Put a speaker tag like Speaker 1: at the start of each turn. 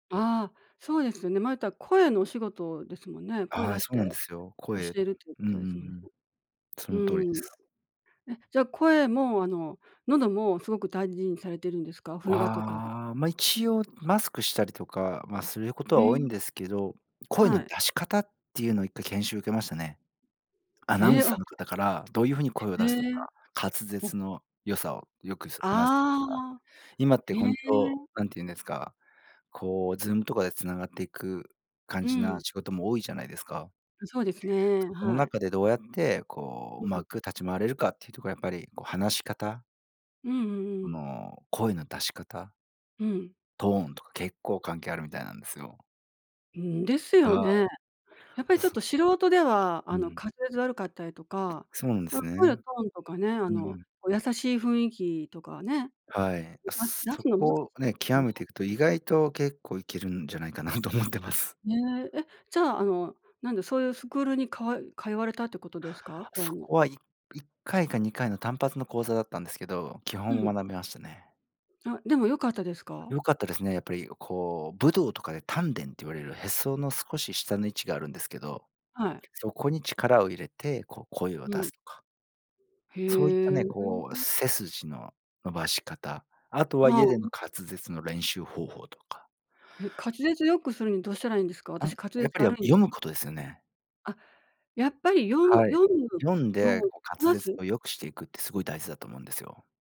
Speaker 1: ああ、そうですよね。まあ、言ったら声のお仕事ですもんね。声
Speaker 2: は
Speaker 1: 出
Speaker 2: い、
Speaker 1: し
Speaker 2: そう
Speaker 1: て
Speaker 2: なんですよ。
Speaker 1: 教
Speaker 2: 声、
Speaker 1: えるというこ
Speaker 2: うんうんう
Speaker 1: とですもんね。
Speaker 2: ん、そ
Speaker 1: う
Speaker 2: の通りで
Speaker 1: ん。
Speaker 2: す。
Speaker 1: え、じゃあ、声も、あの、喉もすごく大事にされているんですか、冬場とか。
Speaker 2: ああ、まあ、一応マスクしたりとか、まあ、すること
Speaker 1: へ
Speaker 2: は多いん
Speaker 1: え。
Speaker 2: ですけど、声の
Speaker 1: はい。
Speaker 2: 出し方っていうのを1回研修を受けましたね。アナウ
Speaker 1: え
Speaker 2: ン
Speaker 1: え、
Speaker 2: サー
Speaker 1: あ。
Speaker 2: の方からどういうふうに声を
Speaker 1: へ
Speaker 2: 出すの
Speaker 1: え。
Speaker 2: か、滑舌の良さをよく、す話せてる
Speaker 1: あ
Speaker 2: か、
Speaker 1: あ、
Speaker 2: 今って
Speaker 1: へ
Speaker 2: 本当
Speaker 1: え。
Speaker 2: 何て言うんですか、こう ZOOM とかで繋がっていく感
Speaker 1: う
Speaker 2: じな
Speaker 1: ん。
Speaker 2: 仕事も多いじゃないですか。
Speaker 1: そうですね、
Speaker 2: その
Speaker 1: はい。
Speaker 2: 中でどうやってこう、う
Speaker 1: う
Speaker 2: ま
Speaker 1: ん。
Speaker 2: く立ち回れるかっていうところはやっぱりこう話し方
Speaker 1: うんうんうん。
Speaker 2: の、声の出し方。
Speaker 1: うん。
Speaker 2: トーンとか結構関係あるみたいなんですよ。
Speaker 1: んん、ですよ
Speaker 2: は
Speaker 1: ね。やっぱりちょっ
Speaker 2: ーい。
Speaker 1: と素人では、
Speaker 2: う
Speaker 1: あの、
Speaker 2: ん。
Speaker 1: 活舌悪かったりとか、
Speaker 2: そうなんですね。
Speaker 1: 声のトーンとかね、あ
Speaker 2: う
Speaker 1: の、
Speaker 2: ん。
Speaker 1: 優しい雰囲気とかね。
Speaker 2: はい。
Speaker 1: 出す出
Speaker 2: そ
Speaker 1: すのは難し
Speaker 2: こを
Speaker 1: いで
Speaker 2: ね、
Speaker 1: す
Speaker 2: 極
Speaker 1: ね。
Speaker 2: めていくと意外と結構いけるんじゃないかなと思ってます。
Speaker 1: ねえ、え、じゃあ、あの、なんで、そういうスクールに、かよ通われたってことですか、こうい
Speaker 2: そ
Speaker 1: うの。
Speaker 2: こは、い1回か2回の単発の講座だったんですけど、基
Speaker 1: う
Speaker 2: 本
Speaker 1: ん。
Speaker 2: を学びましたね。
Speaker 1: あ、でも良かったですか。
Speaker 2: 良かったですね、やっぱりこう武道とかで丹田って言われるへその少し下の位置があるんですけど、
Speaker 1: はい。
Speaker 2: そこに力を入れてこう声を
Speaker 1: う
Speaker 2: 出す
Speaker 1: ん。
Speaker 2: とか。そういった
Speaker 1: へ
Speaker 2: ね、こう
Speaker 1: え。
Speaker 2: 背筋の伸ばし方、あとは
Speaker 1: は
Speaker 2: 家での
Speaker 1: あ。
Speaker 2: 滑舌の練習方法とか。
Speaker 1: え、滑舌良くするにどうしたらいいんですか、
Speaker 2: あ、
Speaker 1: 私滑
Speaker 2: や
Speaker 1: 舌
Speaker 2: っぱりあ、
Speaker 1: 悪いんです。
Speaker 2: 読むことですよね。
Speaker 1: あ、やっぱり読む
Speaker 2: はい、
Speaker 1: 読む
Speaker 2: 読ん
Speaker 1: 読
Speaker 2: で
Speaker 1: む、
Speaker 2: こう
Speaker 1: こ
Speaker 2: 滑
Speaker 1: な
Speaker 2: 舌
Speaker 1: す？
Speaker 2: を良くしていくってすごい大事だと思うんですよ。